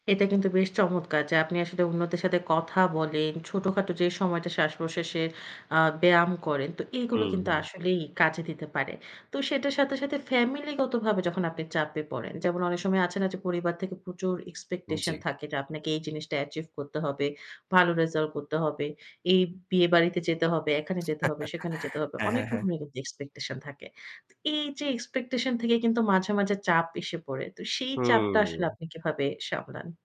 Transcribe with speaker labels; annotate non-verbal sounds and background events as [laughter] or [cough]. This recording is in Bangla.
Speaker 1: এটা কিন্তু বেশ চমৎকার যে আপনি আসলে অন্যদের সাথে কথা বলেন। ছোটখাটো যে সময়টা শ্বাস-প্রশ্বাসের আ ব্যায়াম করেন। তো এগুলো
Speaker 2: হুম,
Speaker 1: কিন্তু
Speaker 2: হুম।
Speaker 1: আসলেই কাজে দিতে পারে। তো সেটার সাথে, সাথে ফ্যামিলিগতভাবে যখন আপনি চাপে পড়েন। যেমন অনেক সময় আছে না যে পরিবার থেকে প্রচুর
Speaker 2: উম
Speaker 1: এক্সপেকটেশন
Speaker 2: জি।
Speaker 1: থাকে, যে আপনাকে এই জিনিসটা অ্যাচিভ করতে হবে। ভালো রেজাল্ট করতে হবে। এই বিয়েবাড়িতে যেতে হবে, এখানে যেতে হবে, সেখানে যেতে
Speaker 2: [chuckles]
Speaker 1: হবে।
Speaker 2: হ্যাঁ,
Speaker 1: অনেক
Speaker 2: হ্যাঁ, হ্যাঁ।
Speaker 1: রকমের কিন্তু এক্সপেকটেশন থাকে। তো এইযে এক্সপেকটেশন থেকে কিন্তু মাঝে, মাঝে চাপ এসে পড়ে। তো সেই চাপটা আসলে
Speaker 2: হুম।
Speaker 1: আপনি কিভাবে সামলান?